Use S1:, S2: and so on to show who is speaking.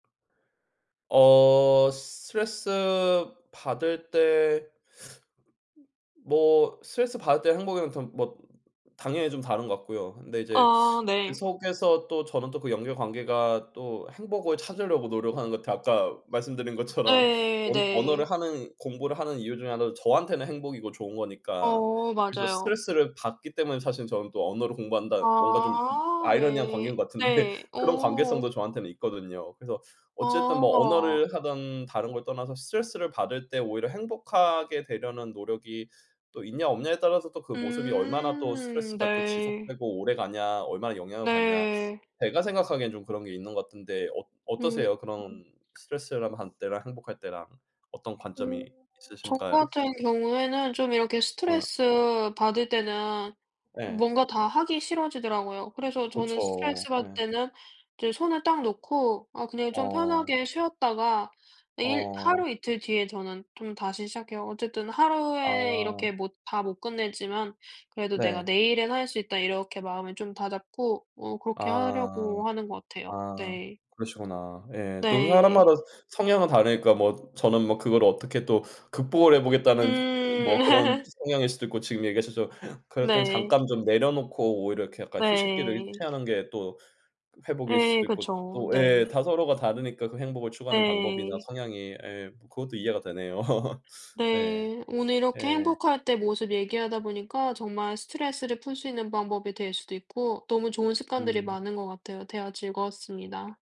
S1: 어 스트레스 받을 때 뭐 스트레스받을 때 행복이면 더 뭐 당연히 좀 다른 것 같고요. 근데 이제
S2: 아
S1: 그
S2: 네.
S1: 속에서 또 저는 또 그 연결관계가 또 행복을 찾으려고 노력하는 것 같아요. 아까 말씀드린 것처럼
S2: 예
S1: 언 언어를
S2: 네.
S1: 하는 공부를 하는 이유 중의 하나도 저한테는 행복이고 좋은 거니까.
S2: 어
S1: 그래서
S2: 맞아요.
S1: 스트레스를 받기 때문에 사실 저는 또 언어를 공부한다 뭔가 좀 이
S2: 아
S1: 아이러니한
S2: 네.
S1: 관계인 것 같은데
S2: 네.
S1: 그런
S2: 어.
S1: 관계성도 저한테는 있거든요. 그래서 어쨌든 뭐
S2: 아.
S1: 언어를 하든 다른 걸 떠나서 스트레스를 받을 때 오히려 행복하게 되려는 노력이 또 있냐 없냐에 따라서 또 그 모습이 얼마나 또
S2: 음
S1: 스트레스가 또
S2: 네.
S1: 지속되고 오래가냐 얼마나 영향을 받냐
S2: 네.
S1: 제가 생각하기엔 좀 그런 게 있는 것 같은데 어
S2: 음.
S1: 어떠세요?
S2: [unintelligible]
S1: 그런 스트레스를 받을 때랑 행복할 때랑 어떤
S2: 음
S1: 관점이
S2: [unintelligible] 저
S1: 있으신가요?
S2: 같은 경우에는 좀 이렇게
S1: 아.
S2: 스트레스받을 때는
S1: 예.
S2: 뭔가 다 하기 싫어지더라고요. 그래서 저는
S1: 그쵸.
S2: 스트레스받을
S1: 예.
S2: 때는 이제 손을 딱 놓고 아 그냥 좀
S1: 어.
S2: 편하게 쉬었다가 내일
S1: 어.
S2: 하루 이틀 뒤에 저는 좀 다시 시작해요. 어쨌든 하루에
S1: 아.
S2: 이렇게 못 다 못 끝냈지만 '그래도 내가
S1: 네.
S2: 내일엔 할 수 있다.' 이렇게 마음을 좀 다잡고 어 그렇게
S1: 아.
S2: 하려고 하는 것 같아요.
S1: 아
S2: 네.
S1: 그러시구나. 예 또
S2: 네.
S1: 사람마다 성향은 다르니까 뭐 저는 뭐 그거를 어떻게 또 극복을 해 보겠다는
S2: 음.
S1: 뭐 그런 성향일 수도 있고 지금 얘기하셨지만 그럴 땐
S2: 네.
S1: 잠깐 좀 내려놓고 오히려 약간 이렇게 휴식기를
S2: 네.
S1: 취하는 게 또 그 회복일
S2: 예예
S1: 수도 있고
S2: 그쵸.
S1: 또 예
S2: 네.
S1: 다 서로가 다르니까 그 행복을 추구하는 방법이나
S2: 네.
S1: 성향이. 예 뭐 그것도 이해가 되네요. 네.
S2: 네. 오늘 이렇게
S1: 예.
S2: 행복할 때 모습 얘기하다 보니까 정말 스트레스를 풀 수 있는 방법이 될 수도 있고 너무 좋은 습관들이
S1: 음.
S2: 많은 것 같아요. 대화 즐거웠습니다.